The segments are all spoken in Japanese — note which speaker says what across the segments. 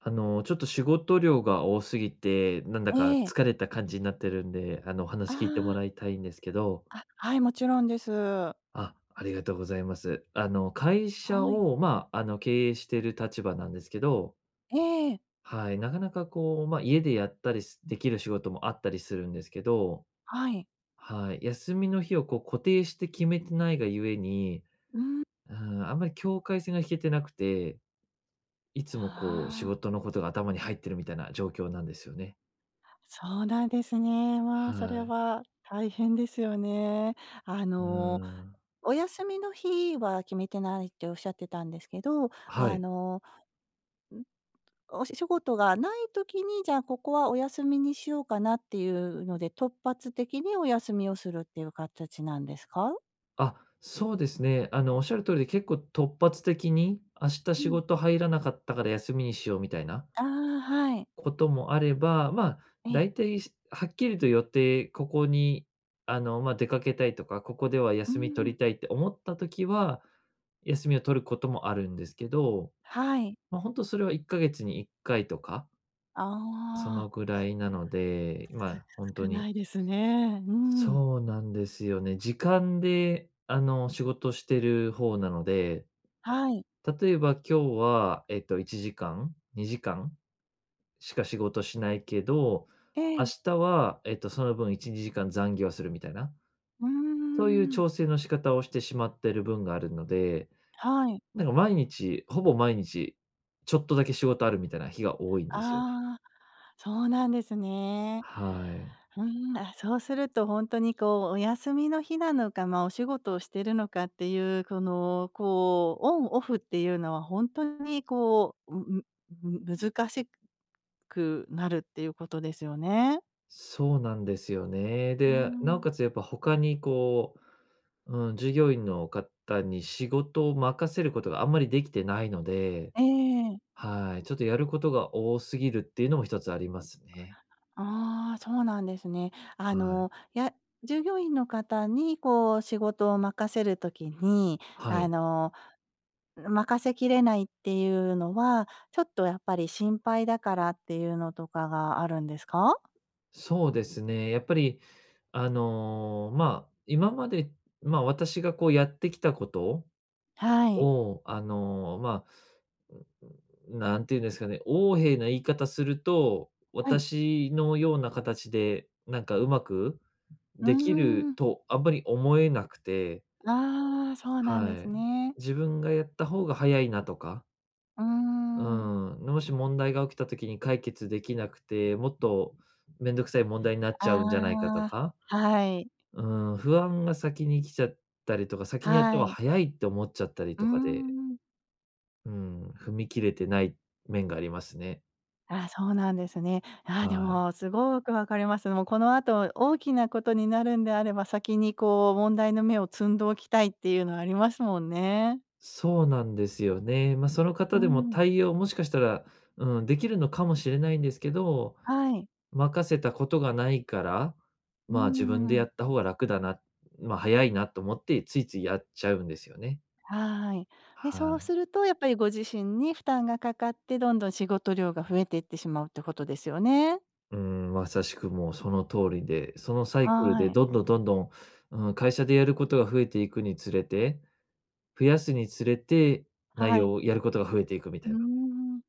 Speaker 1: あの、ちょっと仕事量が多すぎて、なんだか
Speaker 2: ええ。
Speaker 1: 疲れた感じになってるんで、あの、お
Speaker 2: あ
Speaker 1: 話聞いても
Speaker 2: あ。
Speaker 1: らいたいんですけど。
Speaker 2: あ、はい、もちろんです。
Speaker 1: あ、ありがとうございます。あの、会社
Speaker 2: はい。
Speaker 1: を、ま、あの、経営してる立場なんですけど
Speaker 2: ええ。
Speaker 1: はい、なかなかこう、ま、家でやったり、すできる仕事もあったりするんですけど
Speaker 2: はい。
Speaker 1: はい、休みの日をこう、固定して決めてないが故に
Speaker 2: うん。
Speaker 1: うん、あんまり境界線が引けてなくて、いつもこう、仕
Speaker 2: ああ。
Speaker 1: 事のことが頭に入ってるみたいな状況なんですよね。
Speaker 2: あ、そうなんですね。まあ、それ
Speaker 1: はい。
Speaker 2: は大変ですよね。あ
Speaker 1: う
Speaker 2: の、
Speaker 1: ん。
Speaker 2: お休みの日は決めてないって仰ってたんですけど、
Speaker 1: は
Speaker 2: あ
Speaker 1: い。
Speaker 2: の、うん？お仕仕事がない時に、じゃあ、ここはお休みにしようかなっていうので、突発的にお休みをするっていう形なんですか？
Speaker 1: あ、そうですね。あの、仰る通りで結構、突発的に「明日
Speaker 2: う
Speaker 1: 仕
Speaker 2: ん。
Speaker 1: 事入らなかったから休みにしよう」みたいな
Speaker 2: ああ、はい。
Speaker 1: こともあれば、まあ、
Speaker 2: ええ。
Speaker 1: 大体しはっきりと予定、ここに、あの、まあ、出かけたいとか、ここでは
Speaker 2: う
Speaker 1: 休み取
Speaker 2: ん。
Speaker 1: りたいって思った時は、休みを取ることもあるんですけど、
Speaker 2: はい。
Speaker 1: ま、ほんとそれは1か月に1回とか？そ
Speaker 2: あ
Speaker 1: の
Speaker 2: あ。
Speaker 1: ぐらいなので、まあ、ほん
Speaker 2: す
Speaker 1: と
Speaker 2: 少な
Speaker 1: に
Speaker 2: いですね。うん。
Speaker 1: そうなんですよね。時間であの、仕事してる方なので、
Speaker 2: はい。
Speaker 1: 例えば、今日はえっと、1時間、2時間？しか仕事しないけど、
Speaker 2: え
Speaker 1: 明
Speaker 2: え。
Speaker 1: 日はえっと、その分1、2時間残業するみたいな。
Speaker 2: うー
Speaker 1: そういう
Speaker 2: ん。
Speaker 1: 調整の仕方をしてしまってるぶんがあるので、
Speaker 2: はい。
Speaker 1: なんか毎日、ほぼ毎日ちょっとだけ仕事ある、みたいな日が多いんですよね。
Speaker 2: ああ、そうなんですね。
Speaker 1: はい。
Speaker 2: ふーん、あ、そうするとほんとにこう、お休みの日なのか、ま、お仕事をしてるのかっていう、この、こう、オンオフっていうのは、本当にこう、うん、む難しくなるっていうことですよね。
Speaker 1: そうなんですよね。
Speaker 2: う
Speaker 1: で、尚
Speaker 2: ん。
Speaker 1: 且つ、やっぱ他にこう、うん、従業員の方に仕事を任せることがあんまりできてないので、
Speaker 2: ええ。
Speaker 1: はい、ちょっとやることが多すぎるっていうのも一つありますね。
Speaker 2: ああ、そうなんですね。あ
Speaker 1: はい。
Speaker 2: の、や従業員の方に、こう仕事を任せる時に、
Speaker 1: は
Speaker 2: あ
Speaker 1: い。
Speaker 2: の、任せきれないっていうのは、ちょっとやっぱり、心配だからっていうのとかがあるんですか？
Speaker 1: そうですね。やっぱり、あの、まあ、今まで、ま、私がこうやってきたこと
Speaker 2: はい。
Speaker 1: を、あの、まあ、なんて言うんですかね、横柄な言い方すると、
Speaker 2: はい。
Speaker 1: 私のような形でなんか上手く
Speaker 2: うー
Speaker 1: 出来る
Speaker 2: ん。
Speaker 1: と、あんまり思えなくて
Speaker 2: ああ、そうなんで
Speaker 1: は
Speaker 2: す
Speaker 1: い。
Speaker 2: ね。
Speaker 1: 自分がやった方が早いなとか。
Speaker 2: うー
Speaker 1: う
Speaker 2: ん。
Speaker 1: ーん、で、もし問題が起きた時に解決できなくて、もっとめんどくさい問題になっちゃうんじゃないかと
Speaker 2: あ
Speaker 1: か。
Speaker 2: あ。はい。
Speaker 1: うーん、不安が先に来ちゃったりとか、先にやった
Speaker 2: は
Speaker 1: 方が
Speaker 2: い。
Speaker 1: 早いって思っちゃったり
Speaker 2: うー
Speaker 1: とかで
Speaker 2: ん。
Speaker 1: うーん、踏み切れてない面がありますね。
Speaker 2: あ、そうなんですね。ああ、で
Speaker 1: はい。
Speaker 2: もすごくわかります。もう、このあと大きなことになるんであれば、先に、こう、問題の芽を摘んどきたいっていうのはありますもんね。
Speaker 1: そうなんですよね。ま、その
Speaker 2: う
Speaker 1: 方でも
Speaker 2: ん。
Speaker 1: 対応、もしかしたら、うーん、出来るのかもしれないんですけど、
Speaker 2: はい。
Speaker 1: 任せたことがないから、
Speaker 2: うー
Speaker 1: まあ、自分でや
Speaker 2: ん。
Speaker 1: った方が楽だな、ま、早いなと思ってついついやっちゃうんですよね。
Speaker 2: はい。で、
Speaker 1: は
Speaker 2: そう
Speaker 1: い。
Speaker 2: すると、やっぱり、ご自身に負担がかかって、どんどん仕事量が増えていってしまうってことですよね。
Speaker 1: うーん、まさしくもうその通りで、そのサイクル
Speaker 2: は
Speaker 1: で、
Speaker 2: い。
Speaker 1: どんどんどんどん、うーん、会社でやることが増えていくにつれて、増やすにつれて、内
Speaker 2: はい。
Speaker 1: 容を、やることが増えていくみた
Speaker 2: う
Speaker 1: い
Speaker 2: ー
Speaker 1: な。
Speaker 2: ん。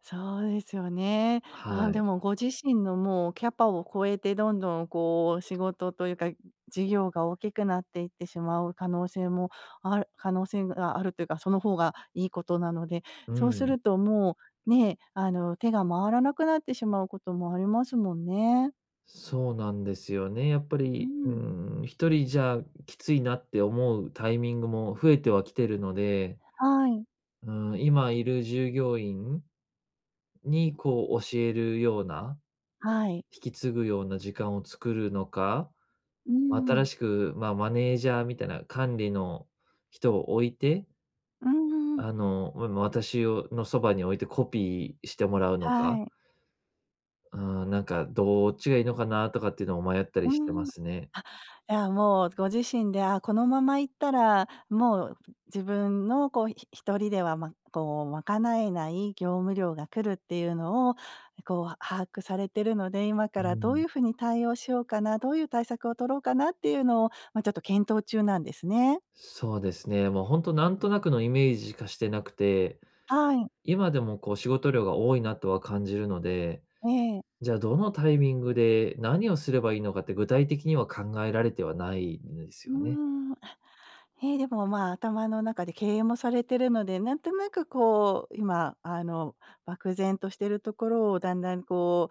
Speaker 2: そうですよね。ああ、
Speaker 1: は
Speaker 2: で
Speaker 1: い。
Speaker 2: も、ご自身の、もう、キャパを超えてどんどん、こう、仕事というか、事業が大きくなっていってしまう可能性もあ可能性があるというか、その方がいいことなので、
Speaker 1: う
Speaker 2: そうす
Speaker 1: ん。
Speaker 2: るともう、ね、あの、手が回らなくなってしまうこともありますもんね。
Speaker 1: そうなんですよね、やっぱ
Speaker 2: うー
Speaker 1: り、う
Speaker 2: ん。
Speaker 1: ーん、1人じゃきついなって思うタイミングも増えてはきてるので
Speaker 2: はい。
Speaker 1: うーん、今いる従業員に、こう、教えるような、
Speaker 2: はい。
Speaker 1: 引き継ぐような時間を作るのか。
Speaker 2: うー
Speaker 1: 新
Speaker 2: ん。
Speaker 1: しく、まあ、マネージャーみたいな管理の人を置いて
Speaker 2: うんうん-うん。
Speaker 1: あの、おえま、私を、ま、そばに置いてコピーしてもらうの
Speaker 2: は
Speaker 1: か。
Speaker 2: い。
Speaker 1: うーん、なんか、どっちがいいのかなとかってのを迷ったり
Speaker 2: うー
Speaker 1: してま
Speaker 2: ん。あ、
Speaker 1: すね。
Speaker 2: いや、もう、ご自身で、あ、このまま行ったら、もう自分の、こう、ひ一人では、ま、こう、賄えない業務量が来るっていうのを、こう、把握されてるので、今か
Speaker 1: うー
Speaker 2: らどうい
Speaker 1: ん。
Speaker 2: う風に対応しようかな、どういう対策を取ろうかなっていうのを、ま、ちょっと検討中なんですね。
Speaker 1: そうですね、もうほんと、なんとなくのイメージしかしてなくて、
Speaker 2: はい。
Speaker 1: 今でも、こう、仕事量が多いなとは感じるので、
Speaker 2: ええ。
Speaker 1: じゃ、どのタイミングで何をすればいいのかって具体的には考えられてはないんです
Speaker 2: うー
Speaker 1: よね。
Speaker 2: ん、あ、へえ、でも、まあ、頭の中で経営もされてるので、なんとなく、こう、今、あの、漠然としてるところをだんだん、こ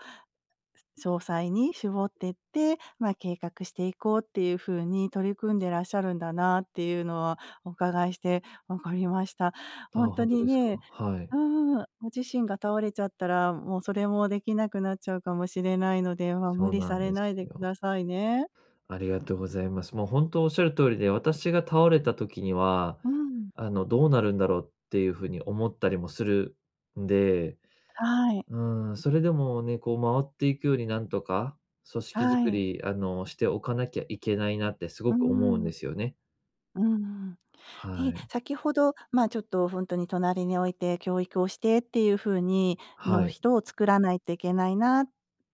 Speaker 2: う、詳細に絞ってって、ま、計画していこうっていうふうに取り組んでらっしゃるんだなっていうのは、おうかがいして分かりました。ほ
Speaker 1: あ
Speaker 2: ん
Speaker 1: あ、ほ
Speaker 2: と
Speaker 1: んと
Speaker 2: に
Speaker 1: ですか？
Speaker 2: ね
Speaker 1: は
Speaker 2: う
Speaker 1: い。
Speaker 2: ーん、ご自身が倒れちゃったら、もうそれもできなくなっちゃうかもしれないので、ま、
Speaker 1: そ
Speaker 2: 無
Speaker 1: う
Speaker 2: 理
Speaker 1: な
Speaker 2: さ
Speaker 1: ん
Speaker 2: れ
Speaker 1: で
Speaker 2: ない
Speaker 1: す
Speaker 2: でく
Speaker 1: よ。
Speaker 2: ださいね。
Speaker 1: ありがとうございます。もう、ほんと、おっしゃる通りで、私が倒れた時には、
Speaker 2: うん。
Speaker 1: あの、どうなるんだろうっていうふうに思ったりもするんで、
Speaker 2: はい。
Speaker 1: うん、それでもね、こう、回っていくよりなんとか、組織づ
Speaker 2: は
Speaker 1: く
Speaker 2: い。
Speaker 1: り、あの、しておかなきゃいけないなってす
Speaker 2: うー
Speaker 1: ごく思うん
Speaker 2: ん。
Speaker 1: ですよね。
Speaker 2: うんうん。
Speaker 1: は
Speaker 2: ね、
Speaker 1: い。
Speaker 2: 先ほど、ま、ちょっと、ほんとに隣に置いて教育をしてっていうふうに
Speaker 1: は
Speaker 2: の、
Speaker 1: い。
Speaker 2: 人を作らないといけないなっ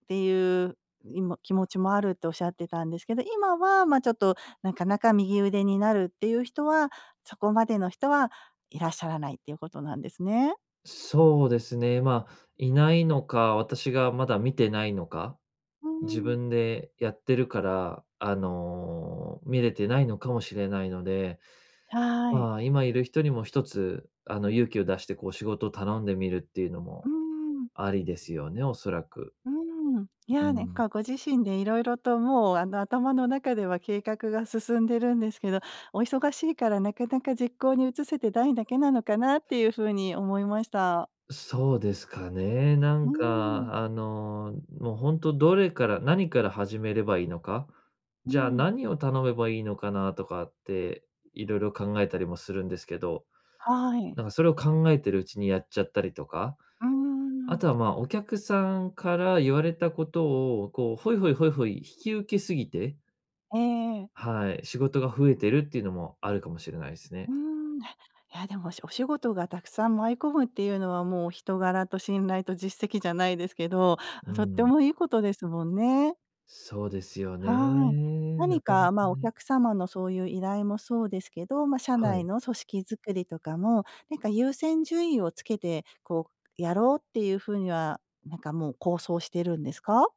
Speaker 2: ていうにも気持ちもあるっておっしゃってたんですけど、今は、ま、ちょっと、なかなか右腕になるっていう人は、そこまでの人はいらっしゃらないっていうことなんですね。
Speaker 1: そうですね、まあ、いないのか、私がまだ見てないのか、
Speaker 2: う
Speaker 1: 自
Speaker 2: ーん。
Speaker 1: 分でやってるから、あの、見れてないのかもしれないので、
Speaker 2: はい。
Speaker 1: ま、今いる人にも、ひとつあの勇気を出してこう仕事を頼んでみるっていうの
Speaker 2: う
Speaker 1: も
Speaker 2: ん。
Speaker 1: ありですよね、おそらく。
Speaker 2: うーん、い
Speaker 1: う
Speaker 2: や、ねん
Speaker 1: ん。
Speaker 2: かご自身で色々ともうあの頭の中では計画が進んでるんですけど、お忙しいからなかなか実行に移せてないだけなのかなっていうふうに思いました。
Speaker 1: そうですかね、な
Speaker 2: う
Speaker 1: ん
Speaker 2: ん。
Speaker 1: かあの、もうほんと、どれから、何から始めればいいのか、
Speaker 2: う
Speaker 1: じゃあ
Speaker 2: ん。
Speaker 1: 何を頼めばいいのかなとかって、いろいろ考えたりもするんですけど、
Speaker 2: はい。
Speaker 1: なんかそれを考えてるうちにやっちゃったりとか。
Speaker 2: う
Speaker 1: あと
Speaker 2: ん。
Speaker 1: はまあ、お客さんから言われたことを、こうホイホイホイホイ引き受け過ぎて
Speaker 2: ええ。
Speaker 1: はい、仕事が増えてるっていうのもあるかもしれないです
Speaker 2: うー
Speaker 1: ね。
Speaker 2: ん。いやでもおしお仕事がたくさん舞い込むっていうのはもう人柄と信頼と実績じゃないですけど、
Speaker 1: う
Speaker 2: とって
Speaker 1: ん。
Speaker 2: もいいことですもんね。
Speaker 1: そうですよ
Speaker 2: はい。
Speaker 1: ね。な
Speaker 2: 何
Speaker 1: かな
Speaker 2: か、
Speaker 1: か
Speaker 2: ま、お
Speaker 1: ね。
Speaker 2: 客様のそういう依頼もそうですけど、ま、社
Speaker 1: は
Speaker 2: 内
Speaker 1: い。
Speaker 2: の組織作りとかも、なんか、優先順位をつけて、こう、やろうっていう風には、なんか、もう構想してるんですか？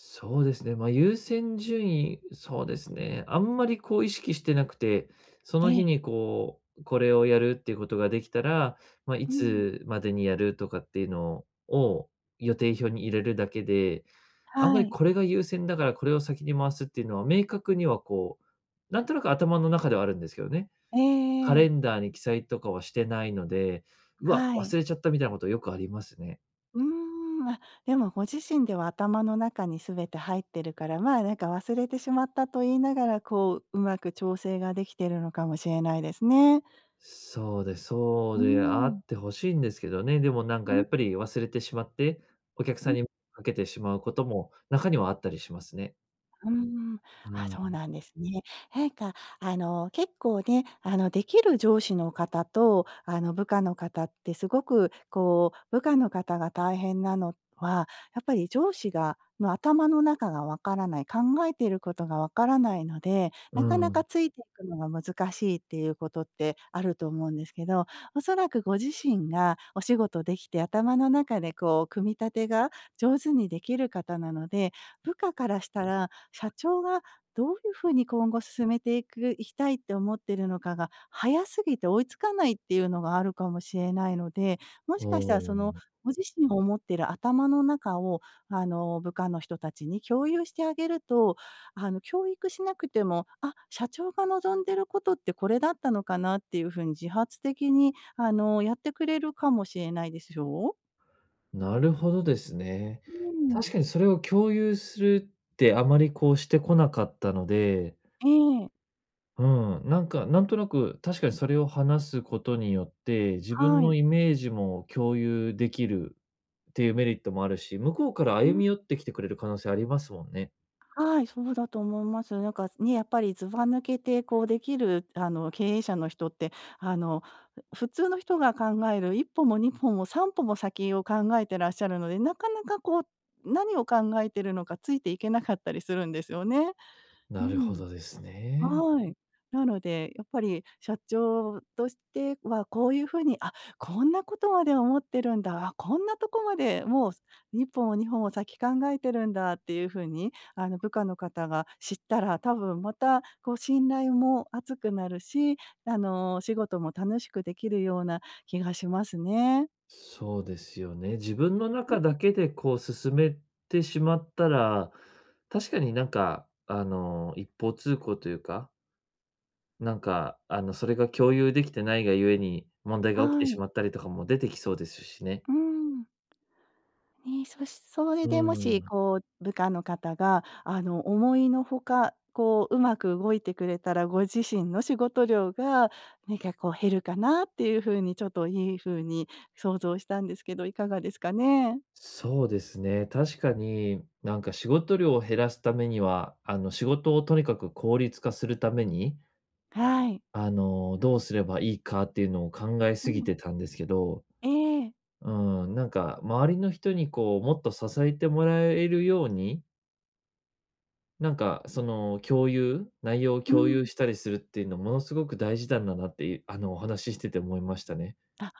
Speaker 1: そうですね、ま、優先順位そうですね、あんまり、こう、意識してなくて、そ
Speaker 2: え
Speaker 1: の日
Speaker 2: え。
Speaker 1: に、こう、これをやるっていうことができたら、ま、い
Speaker 2: うん。
Speaker 1: つまでにやるとかっていうのを予定表に入れるだけで、あんま
Speaker 2: は
Speaker 1: り
Speaker 2: い。
Speaker 1: これが優先だから、これを先に回すっていうのは明確にはこう、なんとなく頭の中ではあるんですけどね。
Speaker 2: え
Speaker 1: カ
Speaker 2: ええ
Speaker 1: レ
Speaker 2: え。
Speaker 1: ンダーに記載とかはしてないので、「うわ、
Speaker 2: はい。
Speaker 1: 忘れちゃった」みたいなことよくありますね。
Speaker 2: うーん。あ、でもご自身では、頭の中に全て入ってるから、ま、なんか忘れてしまったと言いながら、こう、上手く調整が出来てるのかもしれないですね。
Speaker 1: そうです。そ
Speaker 2: う
Speaker 1: う
Speaker 2: ー
Speaker 1: であ
Speaker 2: ん。
Speaker 1: ってほしいんですけどね。でもなんか、
Speaker 2: う
Speaker 1: や
Speaker 2: ん。
Speaker 1: っぱり忘れてしまって、お客
Speaker 2: う
Speaker 1: さん
Speaker 2: ん。
Speaker 1: にかけてしまうことも中にはあったりしますね。
Speaker 2: うーん。
Speaker 1: う
Speaker 2: あ、そう
Speaker 1: ん。
Speaker 2: なんですね。へいか、あの、結構ね、あの、できる上司の方と、あの、部下の方ってすごくこう、部下の方が大変なのは、やっぱり上司がの頭の中が分からない、考えてることが分からないので、
Speaker 1: う
Speaker 2: なかなか
Speaker 1: ん。
Speaker 2: ついてくのが難しいっていうことって、あると思うんですけど、おそらくご自身がお仕事できて、頭の中でこう組み立てが上手にできる方なので、部下からしたら、社長がどういうふうに今後進めていく、いきたいって思ってるのかが、早すぎて追いつかないっていうのがあるかもしれないので、も
Speaker 1: あ
Speaker 2: しかしたらその、
Speaker 1: あ。
Speaker 2: ご自身が思ってる頭の中を、あの、部下の人たちに共有してあげると、あの、教育しなくても「あ、社長が望んでることってこれだったのかな？」っていうふうに自発的に、あの、やってくれるかもしれないでしょう？
Speaker 1: なるほどですね。
Speaker 2: うーん。
Speaker 1: 確かにそれを共有するってあまりこう、してこなかったので
Speaker 2: ええ。
Speaker 1: うん、なんか、なんとなく、確かにそれを話すことによって、自分
Speaker 2: は
Speaker 1: の
Speaker 2: い。
Speaker 1: イメージも共有できるっていうメリットもあるし、向こうから
Speaker 2: う
Speaker 1: 歩
Speaker 2: ん。
Speaker 1: み寄ってきてくれる可能性ありますもんね。
Speaker 2: はい、そうだと思います。なんかね、やっぱり、ずば抜けてこう、できる、あの、経営者の人って、あの、ふ普通の人が考える1歩も2歩も3歩も先を考えてらっしゃるので、なかなかこう、何を考えてるのかついていけなかったりするんですよね。う
Speaker 1: なるほ
Speaker 2: ん。
Speaker 1: どですね。
Speaker 2: はい。なので、やっぱり社長としてはこういう風に「あ、こんなことまで思ってるんだ。あ、こんなとこまで、もうすにっぽも2歩も先考えてるんだ」っていう風に、あの、部下の方が知ったら、多分またこう信頼も厚くなるし、あの、お仕事も楽しくできるような気がしますね。
Speaker 1: そうですよね。自分の
Speaker 2: う
Speaker 1: 中
Speaker 2: ん。
Speaker 1: だけでこう進めてしまったら、確かになんか、あの、一方通行というか。なんか、あの、それが共有できてないがゆえに、問題が起きて
Speaker 2: はい。
Speaker 1: しまったりとかも出てきそうですしね。
Speaker 2: うーん。ね、そしそれ
Speaker 1: うー
Speaker 2: でもし
Speaker 1: ん。
Speaker 2: こう部下の方が、あの、思いのほかこう、うまく動いてくれたら、ご自身の仕事量がなにかこう、減るかなっていうふうに、ちょっといいふうに想像したんですけど、いかがですかね？
Speaker 1: そうですね、確かに、なんか仕事量を減らすためには、あの、仕事をとにかく効率化するために
Speaker 2: はい。
Speaker 1: あの、どうすればいいかっていうのを考え
Speaker 2: う
Speaker 1: すぎ
Speaker 2: ん。
Speaker 1: てたんですけど、
Speaker 2: ええ。
Speaker 1: うん、なんか周りの人にこう、もっと支えてもらえるようになんかその、共有内容を
Speaker 2: う
Speaker 1: 共有
Speaker 2: ん。
Speaker 1: したりするっていうの、ものすごく大事なんだなっていうあの、お話ししてて思いましたね。
Speaker 2: あ。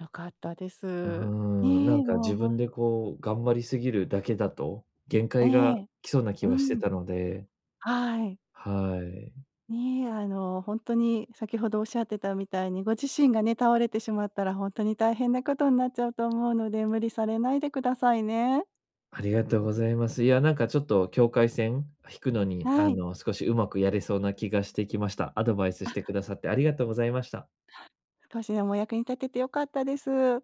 Speaker 2: 良かったで
Speaker 1: う
Speaker 2: す。
Speaker 1: ーん、なん
Speaker 2: ね、
Speaker 1: か
Speaker 2: もう
Speaker 1: 自
Speaker 2: ほ
Speaker 1: 分
Speaker 2: ん
Speaker 1: でこう頑張りすぎるだけだと、限
Speaker 2: え
Speaker 1: 界が
Speaker 2: え、
Speaker 1: 来そうな気
Speaker 2: う
Speaker 1: はして
Speaker 2: ん。
Speaker 1: たので
Speaker 2: はい。
Speaker 1: はい。
Speaker 2: ね、あの、ほんとに先ほどおっしゃってたみたいに、ご自身がね、倒れてしまったらほんとに大変なことになっちゃうと思うので、無理されないでくださいね。
Speaker 1: ありがとうございます。いや、なんか、ちょっと、境界線引くのに、
Speaker 2: は
Speaker 1: あ
Speaker 2: い。
Speaker 1: の、少しうまくやれそうな気がしてきました。アドバイスし
Speaker 2: あ。
Speaker 1: てくださってありがとうございました。
Speaker 2: はい。少しでもお役に立てて良かったです。